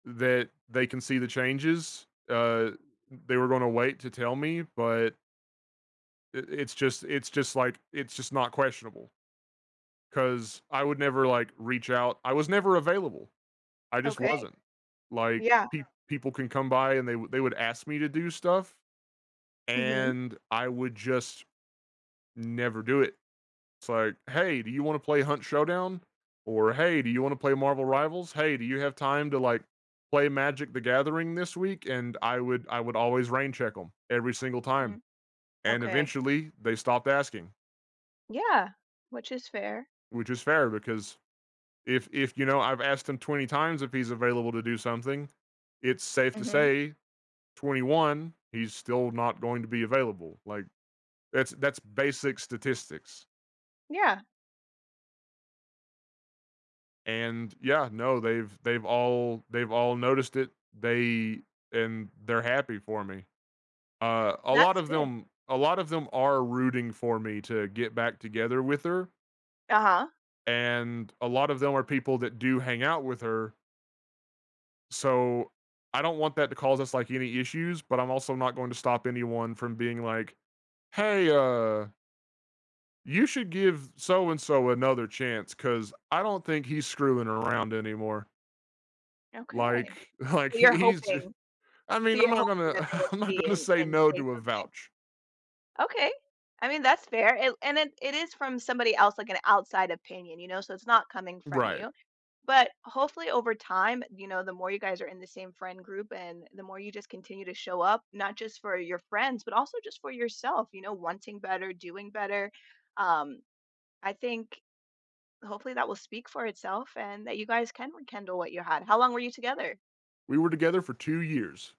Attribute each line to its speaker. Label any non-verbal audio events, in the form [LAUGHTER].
Speaker 1: That they can see the changes, uh, they were gonna wait to tell me, but i it's just it's just like it's just not questionable. 'Cause I would never, like, reach out I was never available. I just
Speaker 2: Okay.
Speaker 1: wasn't. Like,
Speaker 2: Yeah.
Speaker 1: pe people can come by and they wou they would ask me to do stuff,
Speaker 2: Mhm.
Speaker 1: and I would just never do it. It's like, "Hey, do you wanna play Hunt Showdown?" Or, "Hey, do you wanna play Marvel Rivals? Hey, do you have time to, like, play Magic The Gathering this week?" And I would I would always rain check 'em, every single time,
Speaker 2: Mm,
Speaker 1: and
Speaker 2: okay.
Speaker 1: eventually they stopped asking.
Speaker 2: Yeah, which is fair.
Speaker 1: Which is fair, because if if, you know, I've asked him 20 times if he's available to do something, it's safe to
Speaker 2: Mhm.
Speaker 1: say, 21, he's still not going to be available, like, that's that's basic statistics.
Speaker 2: Yeah.
Speaker 1: And yeah, no, they've they've all they've all noticed it, they and they're happy for me. Uh, a lot
Speaker 2: That's
Speaker 1: of
Speaker 2: good.
Speaker 1: them a lot of them are rooting for me to get back together with her.
Speaker 2: Uh-huh.
Speaker 1: And a lot of them are people that do hang out with her. So I don't want that to cause us, like, any issues, but I'm also not going to stop anyone from being like, "Hey, uh" you should give so-and-so another chance, 'cause I don't think he's screwing around anymore.
Speaker 2: Okay.
Speaker 1: Like like,
Speaker 2: So
Speaker 1: he
Speaker 2: you're
Speaker 1: he's
Speaker 2: hoping
Speaker 1: I
Speaker 2: so
Speaker 1: mean, I'm
Speaker 2: you're
Speaker 1: not
Speaker 2: hoping
Speaker 1: gonna
Speaker 2: that they will
Speaker 1: [CHUCKLES] I'm not
Speaker 2: see
Speaker 1: gonna
Speaker 2: and
Speaker 1: say
Speaker 2: and
Speaker 1: no
Speaker 2: say
Speaker 1: to a
Speaker 2: something.
Speaker 1: vouch.
Speaker 2: Okay, I mean that's fair, it and then, it is from somebody else, like an outside opinion, you know, so it's not coming from
Speaker 1: Right.
Speaker 2: you, but hopefully, over time, you know, the more you guys are in the same friend group and the more you just continue to show up, not just for your friends, but also just for yourself, you know, wanting better, doing better, um, I think hopefully that will speak for itself and that you guys can rekindle what you had. How long were you together?
Speaker 1: We were together for 2 years.